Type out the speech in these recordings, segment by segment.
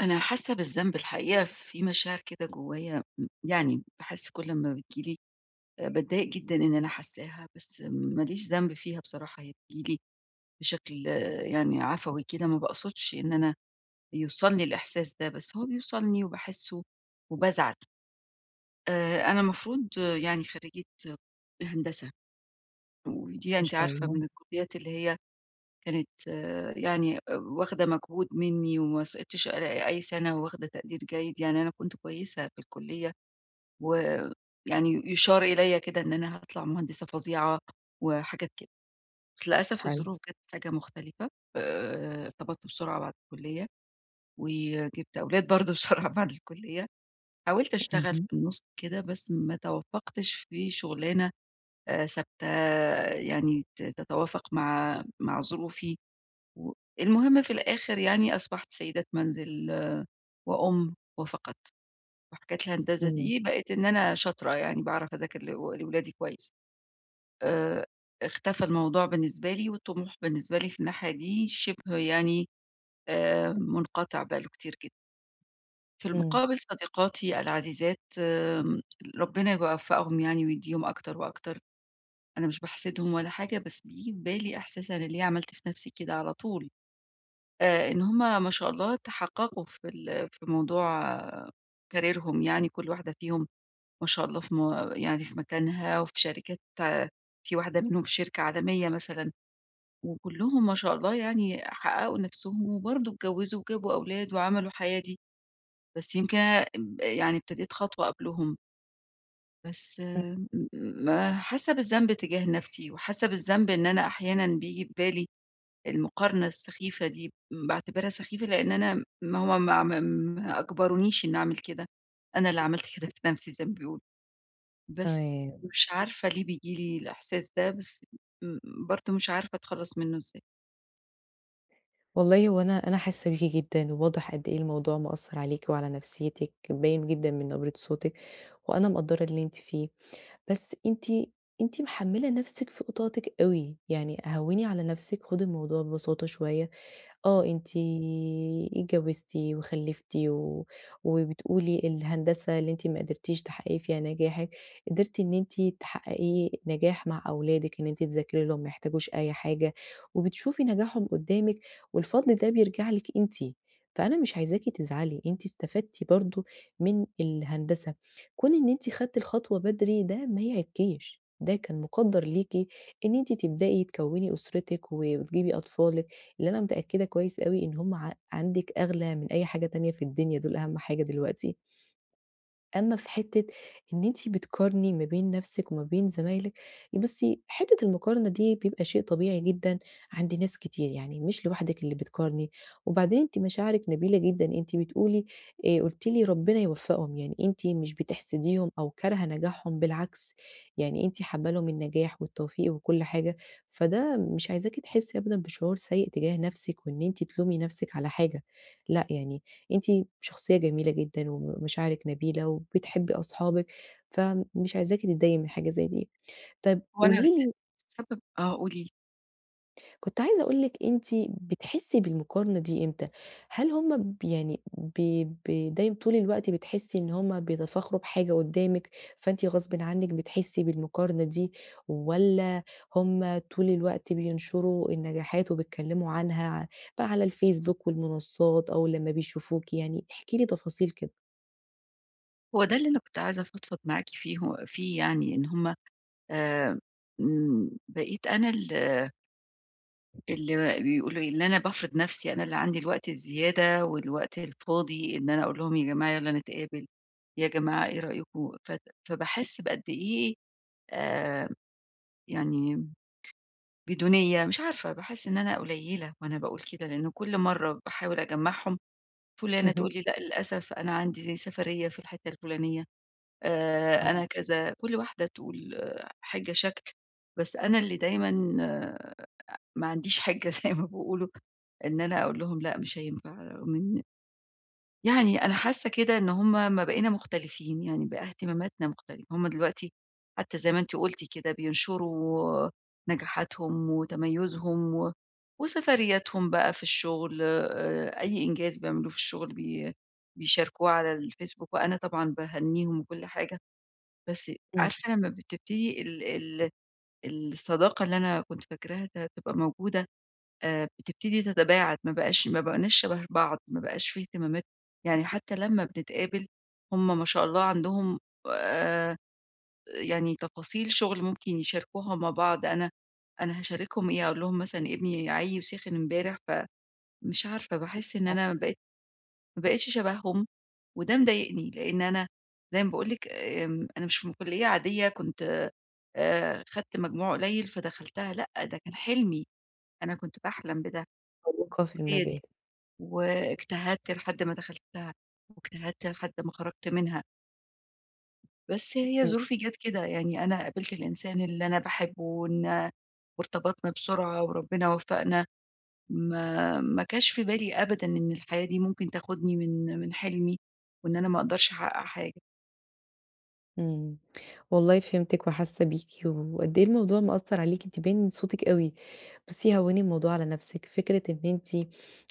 أنا حاسة بالذنب، الحقيقة، في مشاعر كده جوايا، م يعني باحس كل لمّا بتيجي لي آآ، باتضايق جدًا إن أنا حاساها، بس ما ليش ذنب فيها بصراحة. هي بتيجي لي بشكل يعني عفوي كده، ما باقصدش إن أنا يوصلني الإحساس ده، بس هو بيوصلني وباحسه وبازعل. آآ، أنا مفروض يعني خريجة هندسة، ودي ما أنتِ شاء عارفة الله. من الكليات اللي هي كانت يعني واخدة مجهود مِنّي، وما سقطتش أ أي سنة، وواخدة تقدير جيد، يعني أنا كنت كويسة في الكلية. ويعني يُشار إليَّ كده إن أنا هاطلع مهندسة فظيعة وحاجات كده. بس للأسف، حلو. الظروف جات حاجة مختلفة. آآ، ارتبطت بسرعة بعد الكلية، وجِبت أولاد برضه بسرعة بعد الكلية. حاولت أشتغل في إهم. النُص كده، بس ما توفقتش في شغلانة آآ، ثابتة يعني ت تتوافق مع مع ظروفي. والمهم، في الآخر يعني أصبحت سيدة منزل وأم وفقط. وحكاية الهندسة إمم. دي بقيت إن أنا شاطرة، يعني باعرف أذاكر ل لأولادي كويس. آآ، اختفى الموضوع بالنسبة لي، والطموح بالنسبة لي في الناحية دي شبه يعني آآ، منقطع بقى له كتير جدًا. في إمم. المقابل صديقاتي العزيزات آآ، ربنا يوفقهم يعني ويديهم أكتر وأكتر. أنا مش باحسدهم ولا حاجة، بس بييجي في بالي إحساس أنا ليه عملت في نفسي كده على طول. آآ، إن همَ ما شاء الله تحققوا في ال في موضوع كاريرهم، يعني كل واحدة فيهم ما شاء الله في م يعني في مكانها، وفي شركات في واحدة منهم في شركة عالمية مثلًا، وكلهم ما شاء الله يعني حققوا نفسهم، وبرضو اتجوزوا، وجابوا أولاد وعملوا حياة دي. بس يمكن انا يعني ابتديت خطوة قبلهم. بس إمم. إمم، مم حاسة بالذنب تجاه نفسي، وحاسة بالذنب إن أنا أحيانًا بييجي ببالي المقارنة السخيفة دي، باعتبرها سخيفة لأن أنا ما هو ما ما ما أجبرونيش إن أعمل كده، أنا اللي عملت كده في نفسي زي ما بيقولوا، بس تمام. مش عارفة ليه بييجي لي الإحساس ده؟ بس مم برضو مش عارفة أتخلص منه إزاي؟ والله هو أنا أنا حاسة بيكِ جدًا، وواضح قد إيه الموضوع مأثر عليكِ، وعلى نفسيتِك، باين جدًا من نبرة صوتِك، وأنا مَقَدرة اللي أنتِ فيه. بس أنتِ أنتِ محملة نفسِك فوق طاقتِك أوي، يعني هَوّني على نفسِك، خدّي الموضوع ببساطة شوية. آه، أنتِ اتجوزتِ وخلفتِ و وبتقولِي الهندسة اللي أنتِ ما قدرتيش تحققي فيها نجاحِك، قدرتِ إن أنتِ تحققي نجاح مع أولادِك، إن أنتِ تذاكري لهم، ما يحتاجوش أي حاجة، وبتشوفي نجاحهم قدامِك، والفضل ده بيرجع لِك أنتِ. فأنا مش عايزاكِ تزعلي، انتِ استفدتِ برضو من الهندسة. كون ان أنتِ أخدتِ الخطوة بدري، ده ما يعيبكِش، ده كان مقدر ليكِ إن إنتِ تبدأي تكوني أسرتِك، و وتجيبي أطفالِك، اللي أنا متأكدة كويس أوي إن هم ع عندِك أغلى من أي حاجة تانية في الدنيا، دول أهم حاجة دلوقتي. أمّا في حتة إن أنتِ بتقارني ما بين نفسِك وما بين زمايلِك، بصي حتة المقارنة دي بيبقى شيء طبيعي جدًا عند ناس كتير، يعني مش لوحدِك اللي بتقارني، وبعدين أنتِ مشاعرِك نبيلة جدًا، أنتَ بتقولي، آآ، قلتِ لي: "ربنا يوفقهم"، يعني أنتِ مش بتحسديهم أو كارهةٌ نجاحهم، بالعكس. يعني أنتِ حابة لِهم النجاح والتوفيق وكل حاجة، فده مش عايزاكِ تحسي أبدًا بشعور سيء تجاه نفسِك، وإن أنتِ تلومي نفسِك على حاجة. لأ، يعني أنتِ شخصية جميلة جدًا، ومشاعرِك نبيلة، وبتحبي أصحابِك فمش عايزاكِ تضايقي من حاجة زي دي. طب وأنا ال قولي لي السبب آه، قولي لي. كنت عايزة أقول لِك أنتِ بتحسي بالمقارنة دي إمتى؟ هل هم ب يعني ب ب دايمًا طول الوقت بتحسي إن هما بيتفاخروا بحاجة قدامِك، فأنتِ غصبًا عنِك بتحسي بالمقارنة دي؟ والّا هم طول الوقت بينشروا النجاحات وبيتكلموا عنها ع ب على الفيس بوك والمنصات أو لما بيشوفوكِ يعني؟ إحكِ لي تفاصيل كده. هو ده اللي أنا كنت عايزة أفضفض معاكِ فيه، ه فيه يعني، إن هم آآ إمم بقيت أنا ال اللي بيقولوا إيه إن أنا بافرض نفسي، أنا اللي عندي الوقت الزيادة، والوقت الفاضي إن أنا أقول لهم يا جماعة يلا نتقابل يا جماعة إيه رأيكوا ف فباحس بقد إيه آآ، يعني بدونية مش عارفة باحس إن أنا قليلة وأنا باقول كده لأنه كل مرة باحاول أجمعهم، فلانة اهم. تقول لي لأ للأسف أنا عندي سفرية في الحتة الفلانية آآ، أنا آه. كذا، كل واحدة تقول حاجة شكل، بس أنا اللي دايمًا آآ، ما عنديش حاجة زي ما بيقولوا إن أنا أقول لهم لأ مش هينفع، رغم إن يعني أنا حاسة كده إن هم ما بقينا مختلفين يعني بقى اهتماماتنا مختلفة، هم دلوقتي حتى زي ما أنتِ قلتِ كده بينشروا نجاحاتهم وتميزهم، و وسفرياتهم بقى في الشغل آآ، أي إنجاز بيعملوه في الشغل بي بيشاركوه على الفيسبوك، وأنا طبعًا باهنيهم وكل حاجة، بس إمم. عارفة لما بتبتدي ال ال ال الصداقة اللي أنا كنت فاكراها ت هتبقى موجودة آآ، بتبتدي تتباعد ما بقاش ما بقيناش شبه بعض، ما بقاش في اهتمامات يعني حتى لما بنتقابل هم ما شاء الله عندهم آآ، يعني تفاصيل شغل ممكن يشاركوها مع بعض، أنا أنا هاشاركهم إيه؟ أقول لهم مثلًا ابني عيّي وسِخِن إمبارح، ف مش عارفة باحس إن آه. أنا بقيت ما بقيتش شبههم، وده مضايقني، لإن أنا زي ما باقول لِك آمم، أنا مش من كلية عادية كنت آآ، آآ، خدت مجموع قليل فدخلتها لأ، ده كان حلمي، أنا كنت باحلم بده [unintelligible] في بالكلية دي، المجال. واجتهدت لحد ما دخلتها، واجتهدت لحد ما خرجت منها. بس هي إمم. ظروفي جات كده، يعني أنا قابلت الإنسان اللي أنا باحبه ونا وارتبطنا بسرعة وربنا وفقنا، ما ما جاش في بالي أبدًا إن الحياة دي ممكن تاخدني من من حلمي، وإن أنا ما أقدرش أحقق حاجة. إمم، والله فهمتِك وحاسة بيكِ، وقد إيه الموضوع مأثر عليكِ أنتِ باين من صوتِك أوي، بصي هوني الموضوع على نفسِك، فكرة إن أنتِ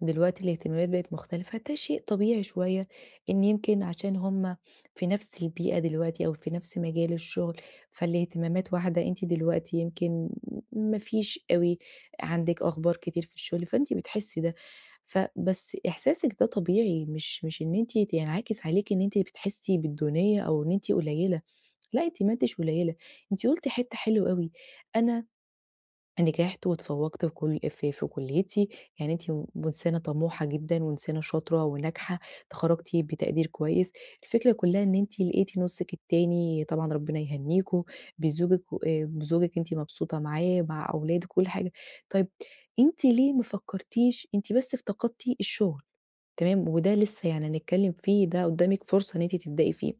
دلوقتي الاهتمامات بقت مختلفة ده شيء طبيعي شوية إن يمكن عشان هم في نفس البيئة دلوقتي أو في نفس مجال الشغل، فالاهتمامات واحدة أنتِ دلوقتي يمكن ما فيش أوي عندِك أخبار كتير في الشغل، فأنتِ بتحسي ده. ف بس إحساسِك ده طبيعي مش مش إن أنتِ ينعكس عليكِ إن أنتِ بتحسي بالدونية أو إن أنتِ قليلة، لأ، أنتِ ما أنتِش قليلة، أنتِ قلتِ حتة حلوة أوي، "أنا نجحت وتفوقت في كل في كليتي" يعني أنتِ م إنسانة طموحة جدًا وإنسانة شاطرة وناجحة، اتخرجتِ بتقدير كويس، الفكرة كلها إن أنتِ لقيتِ نصِك التاني- طبعًا ربنا يهنيكم- بزوجِك و بزوجِك أنتِ مبسوطة معاه مع أولادِك و كل حاجة. طيب أنتِ ليه ما فكرتيش أنتِ بس افتقدتِ الشغل تمام، وده لسه يعني هنتكلم فيه ده قدامِك فرصة إن أنتِ تبدئي فيه.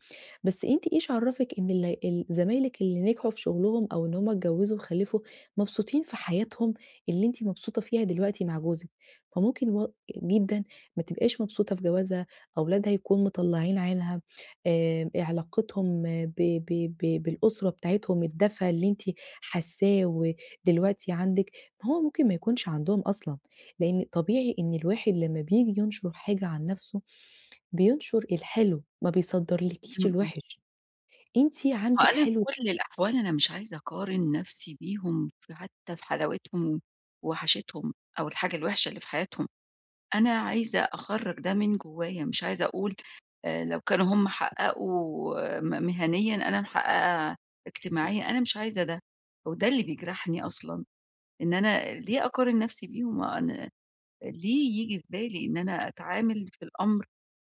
بس أنتِ إيش عرفِك إن ال ال زمايلك اللي نجحوا في شغلهم أو إن هم اتجوزوا وخلفوا مبسوطين في حياتهم اللي أنتِ مبسوطة فيها دلوقتي مع جوزِك؟ فممكن و جدًا ما تبقاش مبسوطة في جوازها أولادها يكون مطلعين عينها آآ، علاقتهم ب ب ب بالأسرة بتاعتهم الدفا اللي أنتِ حاساه ودلوقتي عندِك، ماهو ممكن ما يكونش عندهم اصلًا، لإن طبيعي إن الواحد لما بييجي ينشر حاجة عن نفسه بينشر الحلو، ما بيصدرلِكيش إمم، إمم. الوحش، أنتِ ما هو عندِك أنا في حلو كل الأحوال أنا مش عايزة أقارن نفسي بيهم فحتى في حلاوتهم ووحاشتهم أو الحاجة الوحشة اللي في حياتهم. أنا عايزة أخرّج ده من جوايا مش عايزة أقول آآ، لو كانوا هم حققوا م مهنيًا أنا محققة اجتماعيًا، أنا مش عايزة ده، هو ده اللي بيجرحني أصلًا، إن أنا ليه أقارن نفسي بيهم؟ أنا ليه ييجي في بالي إن أنا أتعامل في الأمر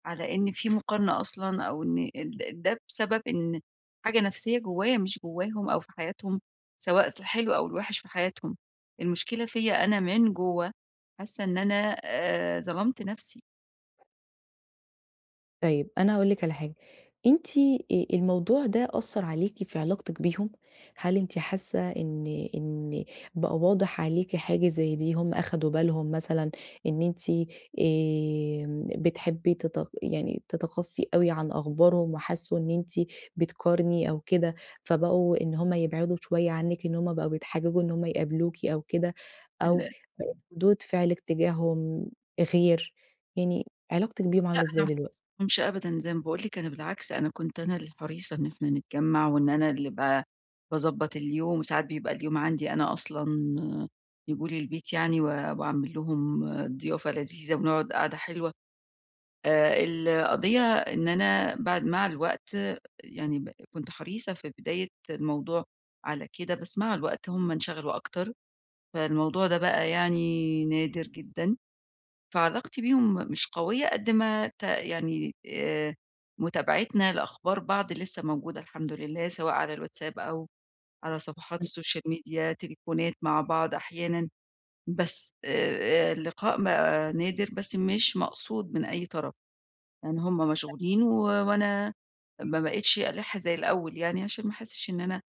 على إن في مقارنة أصلًا؟ أو إن ده بسبب إن حاجة نفسية جوايا مش جواهم أو في حياتهم، سواء في الحلو أو الوحش في حياتهم، المشكلة فيّا أنا من جوا حاسة إن أنا آآ، ظلمت نفسي. طيب، أنا هاقول لِك على حاجة. أنتِ أ الموضوع ده أثّر عليكِ في علاقتِك بيهم؟ هل أنتِ حاسّة إن إن بقى واضح عليكِ حاجة زي دي؟ هم أخدوا بالهم مثلًا إن أنتِ آآ بتحبي تت يعني تَتَقصِّي أوي عن أخبارهم، وحسّوا إن أنتِ بتقارني أو كده، فبقوا إن هم يبعدوا شوية عنِّك، إن هم بقوا بيتحججوا إن همّ يقابلوكِ أو كده، أو ال [unintelligible] ردود فعلِك تجاههم غير. يعني علاقتِك بيهم عاملة لأ، أنا إزاي ما دلوقتي؟ خاصمتهمش أبدًا. زي ما باقول لِك، أنا بالعكس، أنا كنت أنا اللي حريصة إن إحنا نتجمّع، وإن أنا اللي ب باضبّط اليوم. وساعات بيبقى اليوم عندي أنا أصلًا ييجوا لي البيت يعني و واعمل لهم ضيافة لذيذة، ونقعد قعدة حلوة. آآ القضية إن أنا بعد مع الوقت يعني ب كنت حريصة في بداية الموضوع على كده، بس مع الوقت هم انشغلوا أكتر، فالموضوع ده بقى يعني نادر جدًا. فعلاقتي بيهم مش قوية قد ما ت يعني آآ مُتابعتنا لأخبار بعض لسّه موجودة الحمد لله، سواء على الواتساب أو على صفحات [unintelligible] السوشيال ميديا، تليفونات مع بعض أحيانًا. بس آآ اللقاء بقى نادر، بس مش مقصود من أي طرف. لإن هم مشغولين، و وأنا ما بقيتش ألَِح زي الأول يعني، عشان ما أحسّش إن أنا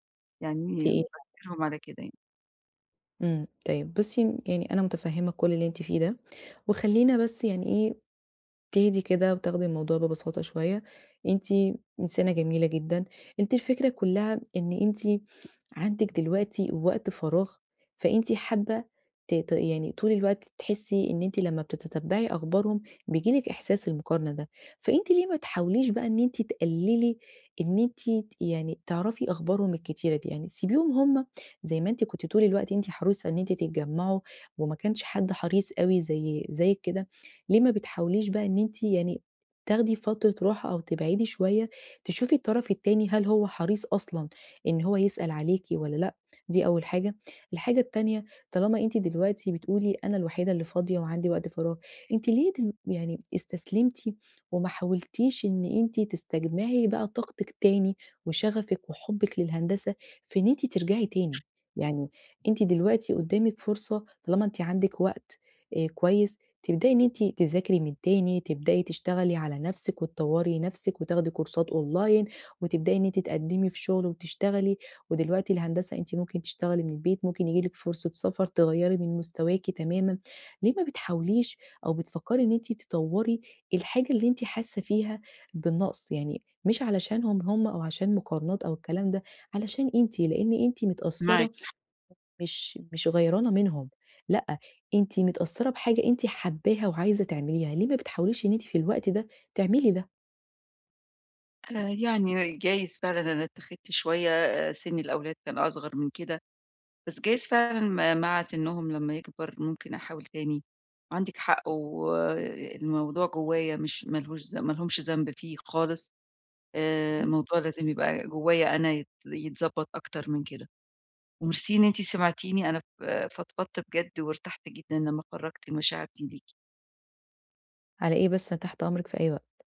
يعني في إيه؟ [unintelligible] باجبرهم على كده يعني. إمم. طيب بُصّي، م يعني أنا مُتفهِّمة كل اللي أنتِ فيه ده. وخلّينا بس يعني إيه، تهدي كده وتاخدي الموضوع ببساطة شوية. أنتِ إنسانة جميلة جدًا. أنتِ الفكرة كُلّها إن أنتِ عندِك دلوقتي وقت فراغ فأنتِ حابّة ت ت يعني طول الوقت ت تحسّي إن أنتِ لمّا بتتتبّعي أخبارهم بييجي لِك إحساس المقارنة ده. فأنتِ ليه ما تحاوليش بقى إن أنتِ تقلّلي إن أنتِ ت يعني تعرفي أخبارهم الكتيرة دي؟ يعني سيبيهم هم زي ما أنتِ كنتِ طول الوقت أنتِ حريصة إن أنتِ تتجمّعوا وما كانش حد حريص أوي زي زيِّك كده، ليه ما بتحاوليش بقى إن أنتِ يعني تاخدي فترة راحة أو تبعدي شوية، تشوفي الطرف التاني هل هو حريص أصلًا إن هو يسأل عليكِ والّا لأ؟ دي أول حاجة. الحاجة التانية، طالما أنتِ دلوقتي بتقولي أنا الوحيدة اللي فاضية وعندي وقت فراغ، أنتِ ليه تم يعني استسلمتِ وما حاولتيش إن أنتِ تستجمعي بقى طاقتِك تاني وشغفِك وحُبِك للهندسة في إن أنتِ ترجعي تاني؟ يعني أنتِ دلوقتي قُدّامِك فرصة طالما أنتِ عندِك وقت أ كويس تبدئي إن أنتِ تذاكري من تاني، تبدئي تشتغلي على نفسِك وتطوّري نفسِك وتاخدي كورسات أونلاين، وتبدئي إن أنتِ تقدِّمي في شغل وتشتغلي. ودلوقتي الهندسة أنتِ ممكن تشتغلي من البيت، ممكن ييجي لِك فرصة سفر تغيّري من مستواكِ تمامًا. ليه ما بتحاوليش أو بتفكّري إن أنتِ تطوّري الحاجة اللي أنتِ حاسّة فيها بالنقص؟ يعني مش علشانهم هم أو عشان مقارنات أو الكلام ده، علشان أنتِ. لإن أنتِ معاكِ متأثّرة ح مش مش غيرانة منهم. لأ، أنتِ متأثّرة بحاجة أنتِ حابّاها وعايزة تعمليها. ليه ما بتحاوليش إن أنتِ في الوقت ده تعملي ده؟ أنا يعني جايز فعلًا إن أنا اتَّخِدت شوية، سِن الأولاد كان أصغر من كده. بس جايز فعلًا م مع سنّهم لمّا يكبر. ممكن أحاول تاني. عندِك حق والموضوع جوّايا مش مالهوش ذم مالهمش ذنب فيه خالص. آآ [unintelligible] الموضوع لازم يبقى جوّايا أنا يت يتضبّط أكتر من كده. ومرسي إن أنتِ سمعتيني أنا ف فضفضت بجد وارتحت جدًا لمّا خرّجت المشاعر دي ليكِ. على إيه بس؟ أنا تحت أمرِك في أي وقت.